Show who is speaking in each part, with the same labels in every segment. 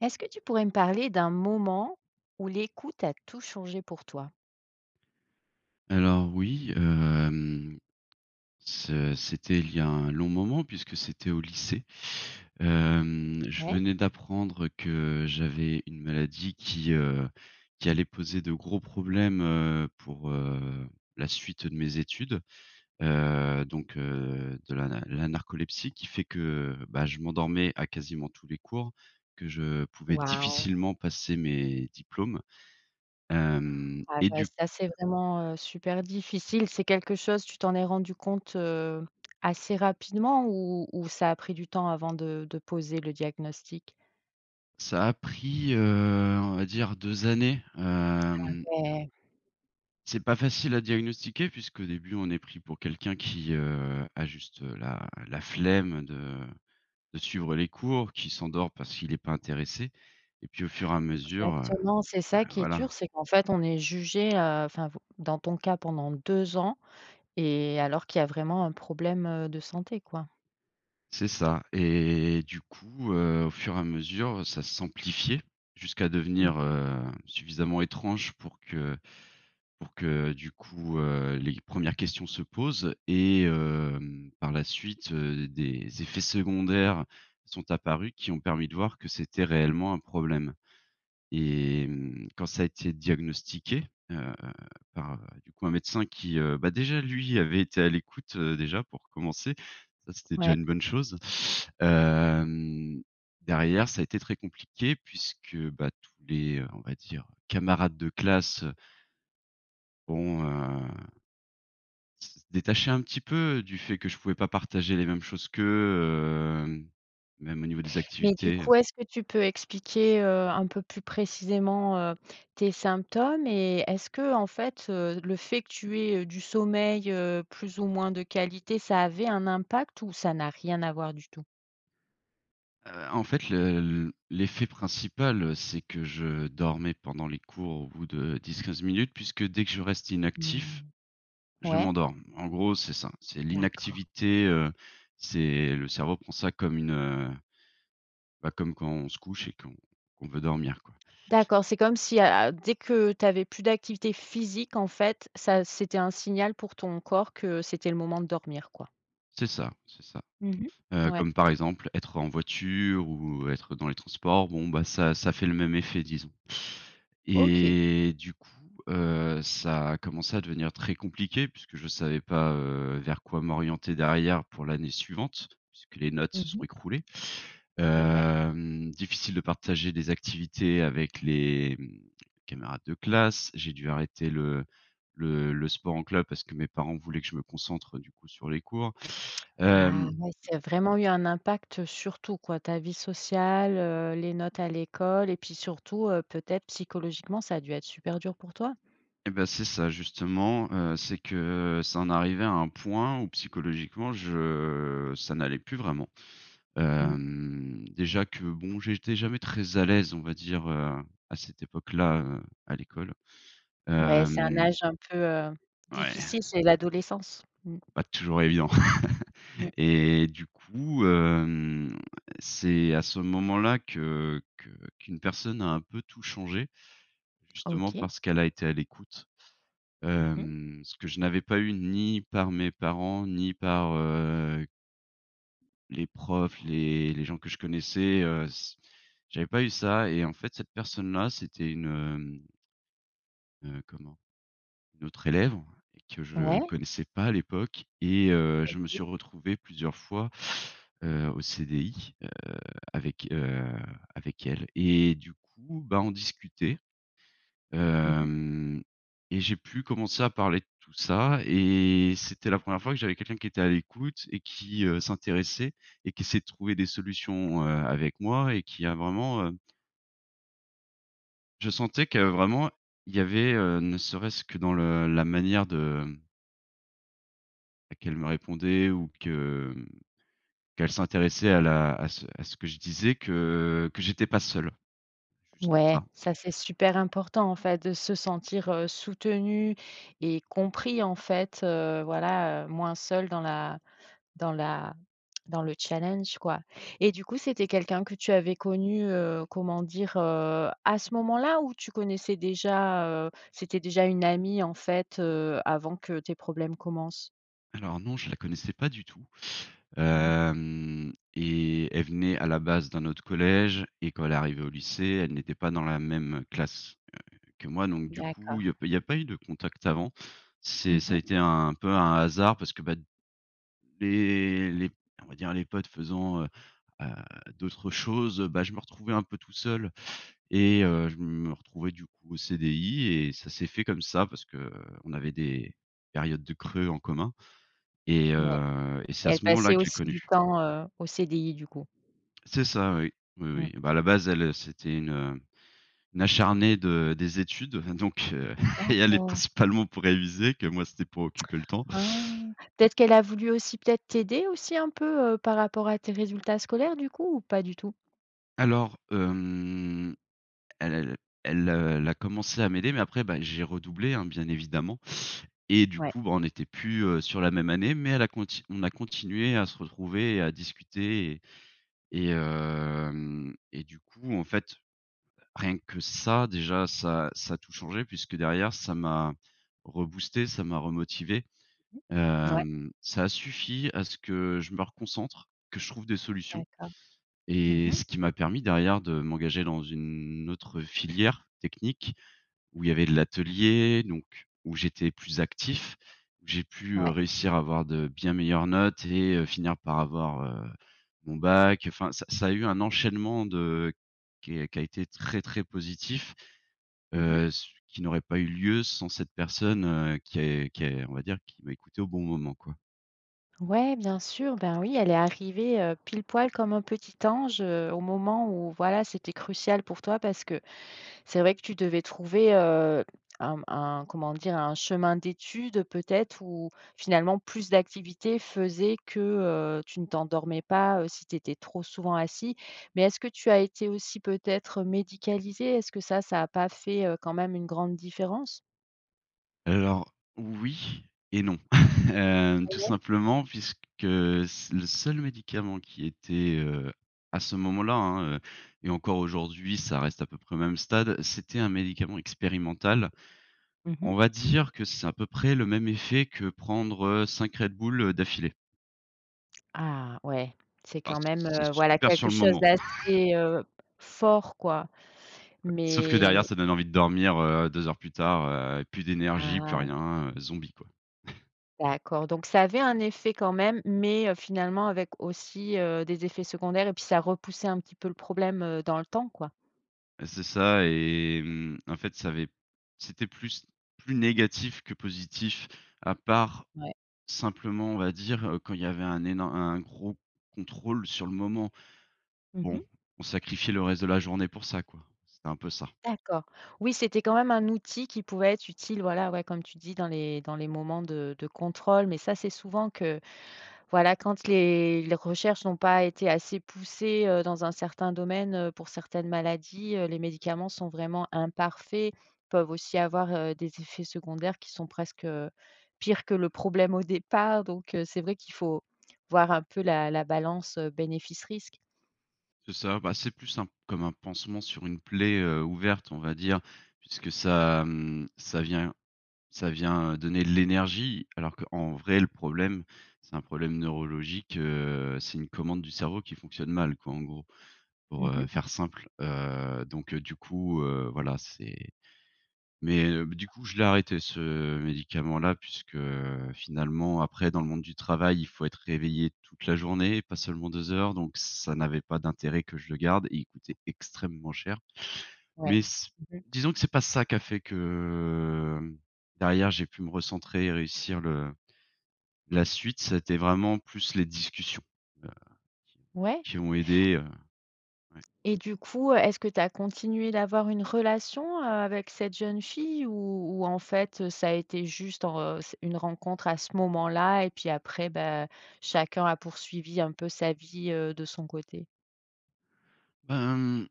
Speaker 1: Est-ce que tu pourrais me parler d'un moment où l'écoute a tout changé pour toi?
Speaker 2: Alors oui, hem, ce c'était il y a un long moment puisque c'était au lycée. Hem, je
Speaker 1: Ouais.
Speaker 2: venais d'apprendre que j'avais une maladie qui, heu, qui allait poser de gros problèmes, heu, pour, heu, la suite, heu, de mes études. Heu, donc, heu, de la na la narcolepsie qui fait que, bah, je m'endormais à quasiment tous les cours, que je pouvais
Speaker 1: Waouh.
Speaker 2: difficilement passer mes diplômes, hem
Speaker 1: Ouais
Speaker 2: et
Speaker 1: c'est vrai
Speaker 2: du
Speaker 1: ça c'est vraiment, heu, super difficile, c'est quelque chose tu t'en es rendu compte, heu, assez rapidement ou ou ça a pris du temps avant de de poser le diagnostic?
Speaker 2: Ça a pris, heu, on va dire 2 années,
Speaker 1: Ah
Speaker 2: hem
Speaker 1: ouais!
Speaker 2: C'est pas facile à diagnostiquer puisqu'au début on est pris pour quelqu'un qui, heu, a juste, heu, la la flemme de de suivre les cours, qui s'endort parce qu'il est pas intéressé, et puis au fur et à mesure, heu,
Speaker 1: Exactement! C'est ça
Speaker 2: le
Speaker 1: qui est
Speaker 2: voilà.
Speaker 1: dur, c'est qu'en fait on est jugé, heu enfin vo dans ton cas pendant 2 ans et alors qu'il y a vraiment un problème, heu, de santé quoi.
Speaker 2: C'est ça et du coup, heu, au fur et à mesure, heu, ça s'amplifiait jusqu'à
Speaker 1: Mmh
Speaker 2: devenir,
Speaker 1: mh.
Speaker 2: heu, suffisamment étrange pour que pour que, du coup, heu, les 1res questions se posent. Et hem, par la suite, heu, des effets secondaires sont apparus, qui ont permis de voir que c'était réellement un problème. Et mmh, quand ça a été diagnostiqué, heu, par, du coup, un médecin qui, heu bah, déjà lui avait été à l'écoute, heu, déjà pour commencer, ça c'était déjà
Speaker 1: Ouais.
Speaker 2: une bonne chose. Hem, derrière, ça a été très compliqué puisque, bah, tous les, on va dire, camarades de classe heu ont heu s détaché un petit peu du fait que je pouvais pas partager les mêmes choses qu'eux, hem, même au niveau des
Speaker 1: Mais, du
Speaker 2: activités.
Speaker 1: coup, est-ce que tu peux expliquer, heu, un peu plus précisément, heu, tes symptômes et est-ce qu'en fait, heu, le fait que tu aies, heu, du sommeil, heu, plus ou moins de qualité, ça avait un impact ou ça n'a rien à voir du tout?
Speaker 2: Heu, en fait, le l' l'effet principal, heu, c'est que je dormais pendant les cours au bout de 10-15 minutes puisque dès que je reste inactif,
Speaker 1: Mmh,
Speaker 2: je
Speaker 1: ouais.
Speaker 2: m'endors. En gros c'est ça, c'est
Speaker 1: D'accord.
Speaker 2: l'inactivité, heu, c'est le cerveau prend ça comme une, heu bah comme quand on se couche et qu'on qu'on veut dormir quoi.
Speaker 1: D'accord, c'est comme si, heu heu, dès que tu avais plus d'activité physique, en fait, ça c'était un signal pour ton corps que c'était le moment de dormir quoi.
Speaker 2: C'est ça, c'est ça.
Speaker 1: Mmh mh.
Speaker 2: Heu,
Speaker 1: Ouais.
Speaker 2: comme, par exemple, être en voiture ou être dans les transports, bon ça ça fait le même effet, disons.
Speaker 1: OK.
Speaker 2: Et du coup, heu, ça a commencé à devenir très compliqué puisque je savais pas, heu, vers quoi m'orienter derrière pour l'année suivante, puisque les notes
Speaker 1: Mmh
Speaker 2: se sont
Speaker 1: mh.
Speaker 2: écroulées.
Speaker 1: Et ouais.
Speaker 2: Hem, difficile de partager des activités avec les, mmh, camarades de classe, j'ai dû arrêter le le le sport en club parce que mes parents voulaient que je me concentre, du coup, sur les cours,
Speaker 1: Ah,
Speaker 2: hem
Speaker 1: ouais ça a vraiment eu un impact, heu, sur tout quoi, ta vie sociale, heu, les notes à l'école et puis surtout, heu, peut-être, psychologiquement, ça a dû être super dur pour toi?
Speaker 2: Eh bah, c'est ça justement, heu, c'est que, heu, ça en arrivait à un point où, psychologiquement, je ça n'allait plus vraiment.
Speaker 1: Mmh.
Speaker 2: Hem, déjà que bon j'étais jamais très à l'aise, on va dire, heu, à cette époque-là, heu, à l'école,
Speaker 1: Ouais, c'est un
Speaker 2: hem
Speaker 1: âge un peu, heu,
Speaker 2: Ouais.
Speaker 1: difficile, c'est l'adolescence. Mmh.
Speaker 2: Pas toujours évident.
Speaker 1: Mmh.
Speaker 2: Et du coup, hem, c'est à ce moment-là que que qu'une personne a un peu tout changé, justement
Speaker 1: OK.
Speaker 2: parce qu'elle a été à l'écoute,
Speaker 1: Mmh mh.
Speaker 2: hem, ce que je n'avais pas eu ni par mes parents, ni par, heu les profs, les les gens que je connaissais, heu, s j'avais pas eu ça et en fait, cette personne là, c'était une hem heu, comment? Une autre élève et que je
Speaker 1: Ouais.
Speaker 2: connaissais pas à l'époque et, heu, je me
Speaker 1: OK.
Speaker 2: suis retrouvé plusieurs fois, heu, au CDI, heu, avec, heu, avec elle. Et du coup, bah, on discutait,
Speaker 1: Mmh mh.
Speaker 2: hem, et j'ai pu commencer à parler de tout ça et c'était la 1re fois que j'avais quelqu'un qui était à l'écoute et qui, heu, s'intéressait et qui essayait de trouver des solutions, heu, avec moi et qui a vraiment, hem Je sentais que vraiment, il y avait, heu, ne serait-ce que dans le la manière de, mmh bah qu'elle me répondait ou que, mmh, qu'elle s'intéressait à la à ce à ce que je disais que que j'étais pas seul. Juste
Speaker 1: Ouais,
Speaker 2: ça.
Speaker 1: ça c'est super important, en fait, de se sentir, heu, soutenu et compris en fait, heu, voilà, heu, moins seul dans la dans la dans le challenge quoi et du coup, c'était quelqu'un que tu avais connu, heu, comment dire? Heu, à ce moment-là ou tu connaissais déjà, heu, c'était déjà une amie en fait, heu, avant que tes problèmes commencent?
Speaker 2: Alors non, je la connaissais pas du tout.
Speaker 1: Mmh mh.
Speaker 2: Hem, et elle venait à la base d'un autre collège et quand elle est arrivée au lycée, elle n'était pas dans la même, heu, classe, heu, que moi, donc du coup, il
Speaker 1: D'accord.
Speaker 2: y a pas il y a pas eu de contact avant. C'est
Speaker 1: Mmh
Speaker 2: ça a
Speaker 1: mh.
Speaker 2: été un peu un hasard parce que, bah, d les les on va dire les potes faisant, heu heu, d'autres choses, bah, je me retrouvais un peu tout seul et heu, je me retrouvais du coup au CDI et ça s'est fait comme ça parce qu'on avait des périodes de creux en commun et
Speaker 1: Ouais.
Speaker 2: heu et c'est à
Speaker 1: Elle
Speaker 2: ce moment-là
Speaker 1: passait
Speaker 2: que je l'ai
Speaker 1: aussi du
Speaker 2: connu.
Speaker 1: temps, heu, au CDI du coup.
Speaker 2: C'est ça, oui, oui, oui.
Speaker 1: Mmh.
Speaker 2: Et bah, à la base, elle, c'était une, heu une acharnée de des études, enfin donc, heu, elle y allait
Speaker 1: D'accord.
Speaker 2: principalement pour réviser que moi c'était pour occuper le temps.
Speaker 1: Ah! Peut-être qu'elle a voulu aussi peut-être t'aider aussi un peu, heu, par rapport à tes résultats scolaires du coup ou pas du tout?
Speaker 2: Alors hem, el el elle, heu, elle a commencé à m'aider mais après, bah, j'ai redoublé, hein, bien évidemment et du
Speaker 1: Ouais.
Speaker 2: coup, ben, on n'était plus, heu, sur la même année, mais elle à conti on a continué à se retrouver et à discuter et et hem, et du coup en fait, heu, rien que ça, déjà ça ça a tout changé puisque derrière ça m'a reboosté, ça m'a remotivé.
Speaker 1: Mmh, ouais.
Speaker 2: Hem, ça a suffi à ce que je me reconcentre, que je trouve des solutions.
Speaker 1: D'accord. Mmh
Speaker 2: Et
Speaker 1: mh.
Speaker 2: ce qui m'a permis derrière de m'engager dans une autre filière technique, où il y avait de l'atelier, donc où j'étais plus actif où j'ai pu, heu,
Speaker 1: Ouais.
Speaker 2: réussir à avoir de bien meilleures notes et heu, finir par avoir, heu, mon bac. Enfin, ça ça a eu un enchaînement de qu qui a été très très positif,
Speaker 1: Mmh
Speaker 2: heu,
Speaker 1: mh.
Speaker 2: s qui n'aurait pas eu lieu sans cette personne, heu, qui est qui est on va dire qui m'a écouté au bon moment quoi.
Speaker 1: Ouais, bien sûr, ben, oui elle est arrivée, heu, pile poil, comme un petit ange, heu, au moment où voilà c'était crucial pour toi parce que, c'est vrai que tu devais trouver, heu, un un comment dire un chemin d'étude peut-être ou finalement plus d'activités faisait que, heu, tu ne t'endormais pas, heu, si tu étais trop souvent assis. Mais est-ce que tu as été aussi peut-être médicalisé, est-ce que ça ça a pas fait, heu, quand même une grande différence?
Speaker 2: Alors, oui et non. Hem,
Speaker 1: Ah
Speaker 2: tout
Speaker 1: ouais?
Speaker 2: simplement puisque c le seul médicament qui était, heu, à ce moment-là, hein, heu, et encore aujourd'hui, ça reste à peu près au même stade, c'était un médicament expérimental.
Speaker 1: Mmh mh.
Speaker 2: On va dire que c'est à peu près le même effet que prendre 5 Red Bull d'affilée.
Speaker 1: Ah ouais, c'est
Speaker 2: Ah,
Speaker 1: quand même,
Speaker 2: c'est
Speaker 1: heu, voilà
Speaker 2: super sur
Speaker 1: quelque
Speaker 2: le
Speaker 1: chose
Speaker 2: moment.
Speaker 1: d'assez, heu, fort quoi.
Speaker 2: Sauf que
Speaker 1: Mais
Speaker 2: derrière ça donne envie de dormir, heu, 2 heures plus tard, heu, plus d'énergie, plus
Speaker 1: Ah.
Speaker 2: rien, zombie quoi.
Speaker 1: D'accord. Donc ça avait un effet quand même mais finalement avec aussi, heu, des effets secondaires et puis ça repoussait un petit peu le problème, heu, dans le temps, quoi?
Speaker 2: Et c'est ça et mmh, en fait ça avait c'était plus plus négatif que positif, à part,
Speaker 1: Ouais.
Speaker 2: simplement on va dire, heu, quand il y avait un énor un gros contrôle sur le moment.
Speaker 1: Mmh mh.
Speaker 2: Bon, on sacrifiait le reste de la journée pour ça quoi, c'était un peu ça.
Speaker 1: D'accord. Oui c'était quand même un outil qui pouvait être utile voilà, ouais comme tu dis dans les dans les moments de de contrôle. Mais ça c'est souvent que voilà, quand les les recherches n'ont pas été assez poussées, heu, dans un certain domaine, heu, pour certaines maladies, heu, les médicaments sont vraiment imparfaits, peuvent aussi avoir, heu, des effets secondaires qui sont presque pires que le problème au départ donc c'est vrai qu'il faut voir un peu la la balance bénéfice-risque.
Speaker 2: C'est ça, bah, c'est plus un p comme un pansement sur une plaie, heu, ouverte, on va dire. Puisque ça, mmh, ça vient ça vient, heu, donner de l'énergie. Alors qu'en vrai le problème, c'est un problème neurologique, heu, c'est une commande du cerveau qui fonctionne mal quoi en gros, pour
Speaker 1: Mmh
Speaker 2: heu,
Speaker 1: mh.
Speaker 2: faire simple. Heu, donc heu, du coup heu, voilà, c'est mais b du coup je l'ai arrêté ce médicament-là puisque finalement, après, dans le monde du travail, il faut être réveillé toute la journée, pas seulement 2 heures, donc ça n'avait pas d'intérêt que je le garde et il coûtait extrêmement cher.
Speaker 1: Ouais.
Speaker 2: Mais s
Speaker 1: Mmh mh.
Speaker 2: disons que c'est pas ça qui a fait que derrière j'ai pu me recentrer et réussir le la suite, ça a été vraiment plus les discussions, heu, qui ont
Speaker 1: Ouais.
Speaker 2: qui ont aidé, heu, ouais.
Speaker 1: Et du coup, est-ce que tu as continué d'avoir une relation, heu, avec cette jeune fille ou ou en fait, heu, ça a été juste en heu, s une rencontre à ce moment-là et puis après bah chacun a poursuivi un peu sa vie, heu, de son côté?
Speaker 2: Ben mmh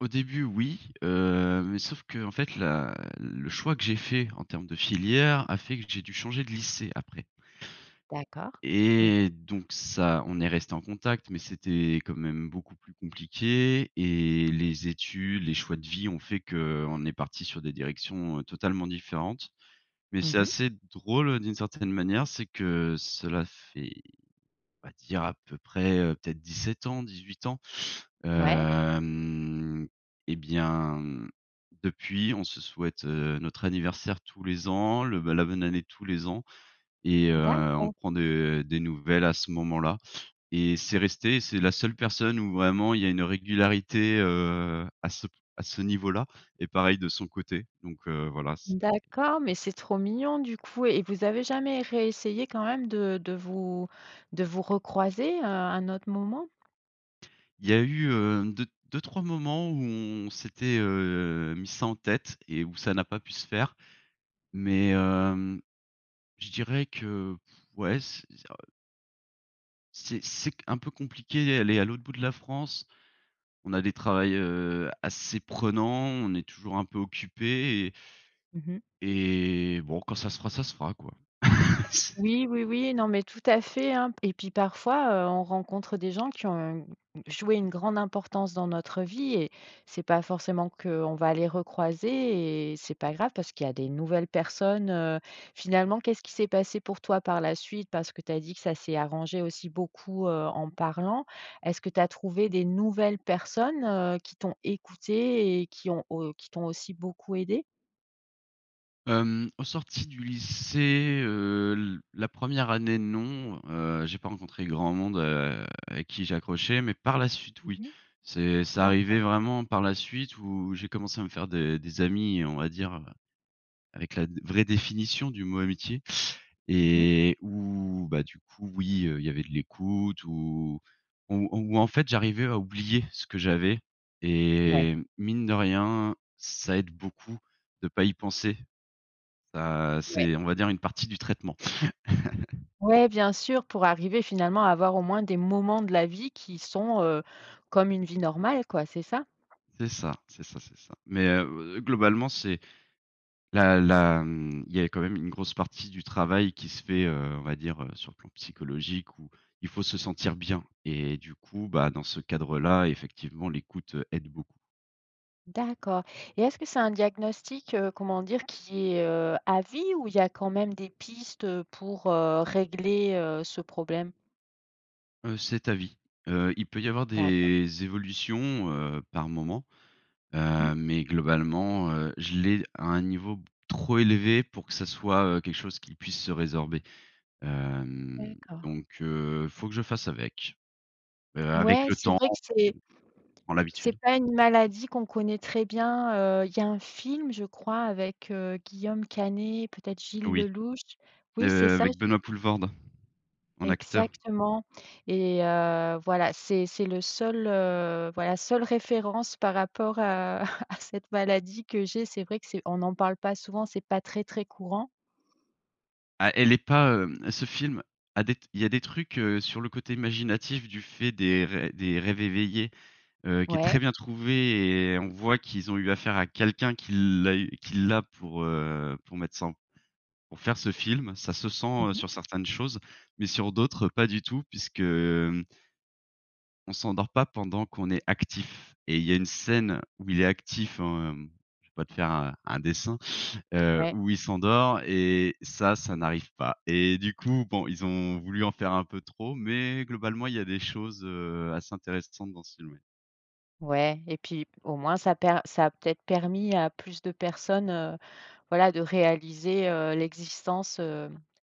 Speaker 2: Au début oui, heu, mais sauf qu'en fait la le choix que j'ai fait en termes de filière a fait que j'ai dû changer de lycée après.
Speaker 1: D'accord, mmh mh.
Speaker 2: Et donc ça on est resté en contact, mais c'était quand même beaucoup plus compliqué, et les études, les choix de vie ont fait qu'on est parti sur des directions, heu, totalement différentes. Mais
Speaker 1: Mmh
Speaker 2: c'est
Speaker 1: mh.
Speaker 2: assez drôle, heu, d'une certaine manière, c'est que cela fait, on va dire à peu près, heu, peut-être 17 ans, 18 ans.
Speaker 1: Ouais.
Speaker 2: Hem, et bien depuis, on se souhaite, heu, notre anniversaire tous les ans, le bah, la bonne année tous les ans et heu, on
Speaker 1: D'accord.
Speaker 2: prend de des nouvelles à ce moment là et c'est resté et c'est la seule personne où vraiment il y a une régularité, heu, à ce p à ce niveau là, et pareil de son côté. Donc, heu, voilà c
Speaker 1: D'accord, mais c'est trop mignon du coup. Et vous avez jamais réessayé quand même de de vous de vous recroiser, heu, à un autre moment?
Speaker 2: Il y a eu, heu, 2- 2-3 moments où on s'était, heu, mis ça en tête, et où ça n'a pas pu se faire. Mais, hem, je dirais que, pff, ouais, c ça heu C'est c'est q un peu compliqué elle est à l'autre bout de la France. On a des travails, heu, assez prenant, on est toujours un peu occupés et
Speaker 1: Mmh mh.
Speaker 2: et, bon quand ça se fera, ça se fera quoi. C'est
Speaker 1: Oui, oui, oui. Non mais tout à fait, hein. P et puis parfois, heu, on rencontre des gens qui ont joué une grande importance dans notre vie et c'est pas forcément qu'on va les recroiser et c'est pas grave parce qu'il y a des nouvelles personnes, heu finalement qu'est-ce qui s'est passé pour toi par la suite? Parce que tu as dit que ça s'est arrangé aussi beaucoup, heu, en parlant. Est-ce que tu as trouvé des nouvelles personnes, heu, qui t'ont écoutées et qui ont au qui t'ont aussi beaucoup aidées?
Speaker 2: Hem, aux sorties du lycée, heu, l la 1re année, non. Heu, j'ai pas rencontré grand monde, heu, avec qui j'ai accroché, mais par la suite
Speaker 1: Mmh
Speaker 2: oui.
Speaker 1: mh.
Speaker 2: C'est c'est arrivé
Speaker 1: D'accord.
Speaker 2: vraiment par la suite où j'ai commencé à me faire des des amis, on va dire, heu, avec la dé la vraie définition du mot amitié
Speaker 1: Mmh mh.
Speaker 2: et où bah, du coup oui, heu, il y avait de l'écoute ou ou ou en fait j'arrivais à oublier ce que j'avais
Speaker 1: Ouais.
Speaker 2: et mine de rien, ça aide beaucoup de pas y penser. Ça
Speaker 1: Ouais.
Speaker 2: c'est on va dire une partie du traitement.
Speaker 1: Ouais, bien sûr pour arriver finalement à avoir au moins des moments de la vie qui sont, heu, comme une vie normale quoi, c'est ça?
Speaker 2: C'est ça, c'est ça, c'est ça. Mais, heu, oh, globalement c'est la la, mmh, il y a quand même une grosse partie du travail qui se fait, heu, on va dire, heu, sur le plan psychologique où il faut se sentir bien. Et du coup, bah, dans ce cadre là effectivement l'écoute, heu, aide beaucoup.
Speaker 1: D'accord. Et est-ce que c'est un diagnostic, heu, comment dire qui est, heu, à vie ou il y a quand même des pistes, heu, pour régler, heu, ce problème?
Speaker 2: Heu, c'est à vie. Heu, il peut y avoir
Speaker 1: D'accord.
Speaker 2: des évolutions, heu, par moment.
Speaker 1: Mmh mh.
Speaker 2: Heu, mais globalement, heu, je l'ai à un niveau b trop élevé pour que ça soit, heu, quelque chose qu'il puisse se résorber. Hem,
Speaker 1: D'accord.
Speaker 2: donc, heu, faut que je fasse avec. Heu, avec
Speaker 1: Ouais,
Speaker 2: le
Speaker 1: c'est
Speaker 2: temps
Speaker 1: vrai
Speaker 2: on
Speaker 1: que c'est
Speaker 2: on prend
Speaker 1: c'est
Speaker 2: l'habitude.
Speaker 1: pas une maladie qu'on connaît très bien, heu, il y a un film je crois avec, heu, Guillaume Canet, peut-être Gilles
Speaker 2: Oui,
Speaker 1: Lellouche. Oui, c'est
Speaker 2: heu,
Speaker 1: ça,
Speaker 2: avec
Speaker 1: je
Speaker 2: Benoît Poelvoorde, en acteur.
Speaker 1: Exactement et heu, voilà c'est c'est le seul, heu voilà seule référence par rapport à à cette maladie que j'ai. C'est vrai que c'est on en parle pas souvent, c'est pas très très courant.
Speaker 2: Ah, elle est pas, hem ce film a des t il y a des trucs, heu, sur le côté imaginatif du fait des rê des rêves éveillés, heu, qui est très
Speaker 1: Ouais.
Speaker 2: bien trouvé et on voit qu'ils ont eu affaire à quelqu'un qui l'a eu qui l'a pour, heu, pour mettre ça en pour faire ce film. Ça se sent,
Speaker 1: Mmh
Speaker 2: heu,
Speaker 1: mh.
Speaker 2: sur certaines choses, mais sur d'autres pas du tout puisque, hem on s'endort pas pendant qu'on est actif. Et il y a une scène où il est actif, hem- je vais pas te faire un un dessin- heu,
Speaker 1: Ouais.
Speaker 2: où il s'endort et ça, ça n'arrive pas. Et du coup, bon, ils ont voulu en faire un peu trop, mais, globalement il y a des choses, heu, assez intéressantes dans ce film, oui.
Speaker 1: Ouais et puis au moins ça per ça a peut-être permis à plus de personnes, heu, voilà de réaliser, heu, l'existence, heu,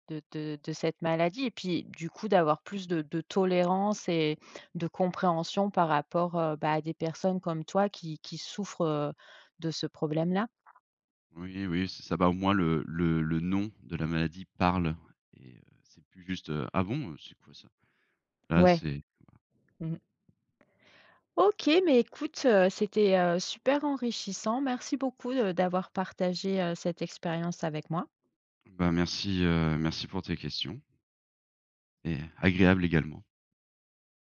Speaker 1: de de de cette maladie et puis du coup d'avoir plus de de tolérance et de compréhension par rapport, heu, bah, à des personnes comme toi qui qui souffrent, heu, de ce problème-là.
Speaker 2: Oui, oui, c'est ça, bah, au moins le le le nom de la maladie parle et heu, c'est plus juste, heu: «Ah bon, heu, c'est quoi ça?» Là,
Speaker 1: Ouais.
Speaker 2: c'est [unintelligible]
Speaker 1: Mmh. OK mais écoute, heu, c'était, heu, super enrichissant. Merci beaucoup de d'avoir partagé, heu, cette expérience avec moi.
Speaker 2: Bah, merci, heu, merci pour tes questions. Et agréable également.